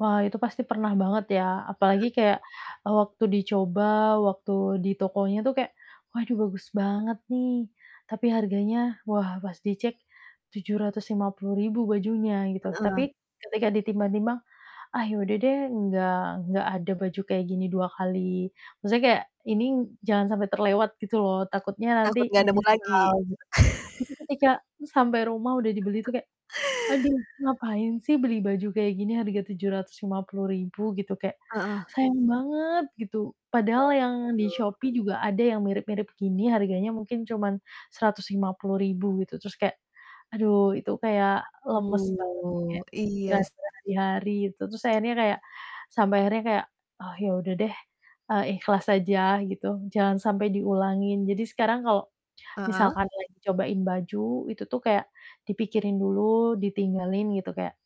Wah, itu pasti pernah banget ya, Mhm. apalagi kayak, eee, waktu dicoba, waktu di tokonya tuh kayak, waduh bagus banget nih, tapi harganya, wah pas dicek Rp750.000 bajunya, gitu. Heeh. Tapi ketika ditimbang-timbang, "Ah ya udah deh enggak enggak ada baju kayak gini 2 kali" maksudnya kayak ini jangan sampai terlewat gitu loh, takutnya nanti Takut nggak nemu lagi. menyesal gitu. Tapi ketika sampai rumah udah dibeli tuh kayak, "Aduh, ngapain sih beli baju kayak gini harga Rp750.000?" Gitu. Kayak Heeh. sayang banget, gitu. Padahal yang di [unintelligible] Shopee juga ada yang mirip-mirip gini, harganya mungkin cuman Rp150.000 gitu, terus kayak aduh, itu kayak lemes banget sih. Betul. Kayak Iya kepikiran s berhari-hari itu. Terus akhirnya kayak sampai akhirnya kayak, "Oh, ya udah deh, eee, ikhlas aja," gitu, jangan sampai diulangin. Jadi sekarang kalau, Heeh. misalkan lagi cobain baju itu tuh kayak dipikirin dulu, ditinggalin gitu, kayak,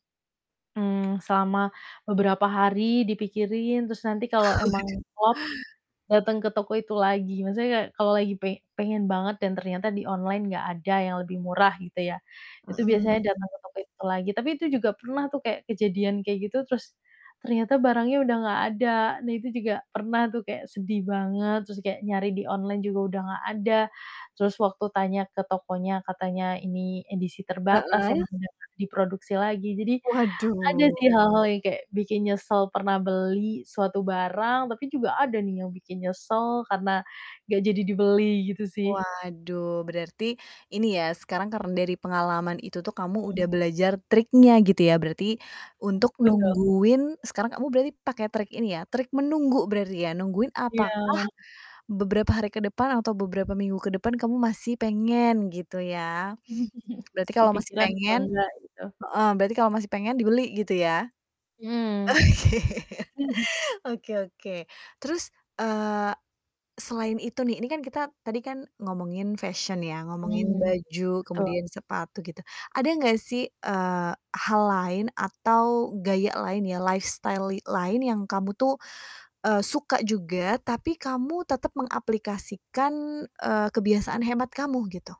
mmm, selama beberapa hari dipikirin, terus nanti kalau Waduh. emang klop, dateng ke toko itu lagi. Maksudnya kayak kalau lagi pe pengen banget dan ternyata di online nggak ada yang lebih murah, gitu ya, itu biasanya Mhm. datang ke toko itu lagi, tapi itu juga pernah tuh kayak kejadian kayak gitu, terus ternyata barangnya udah nggak ada dan itu juga pernah tuh kayak sedih banget, terus kayak nyari di online juga udah nggak ada. Terus waktu tanya ke tokonya, katanya ini edisi terbatas, Heeh. emang gak diproduksi lagi. Jadi ada Waduh. sih hal-hal yang kayak bikin nyesel pernah beli suatu barang, tapi juga ada nih yang bikin nyesel karena gak jadi dibeli gitu sih. Waduh, berarti ini ya, sekarang karena dari pengalaman itu tuh kamu Hmm. udah belajar triknya gitu ya, berarti, Mmm, untuk betul. nungguin sekarang kamu berarti pakai trik ini ya, trik menunggu berarti ya. Nungguin apakah Iya. beberapa hari ke depan atau beberapa minggu ke depan kamu masih pengen, gitu ya. Berarti kalau masih Kepikiran atau pengen nggak, gitu. heeh, berarti kalau masih pengen dibeli, gitu ya. Oke. Mhm. Oke oke. Terus, eee, selain itu nih, ini kan kita tadi kan ngomongin fashion ya, ngomongin Hmm, baju, betul. kemudian sepatu gitu, ada gak sih, eee, hal lain atau gaya lain ya, lifestyle li lain yang kamu tuh, eee, suka juga, tapi kamu tetap mengaplikasikan, eee, kebiasaan hemat kamu, gitu?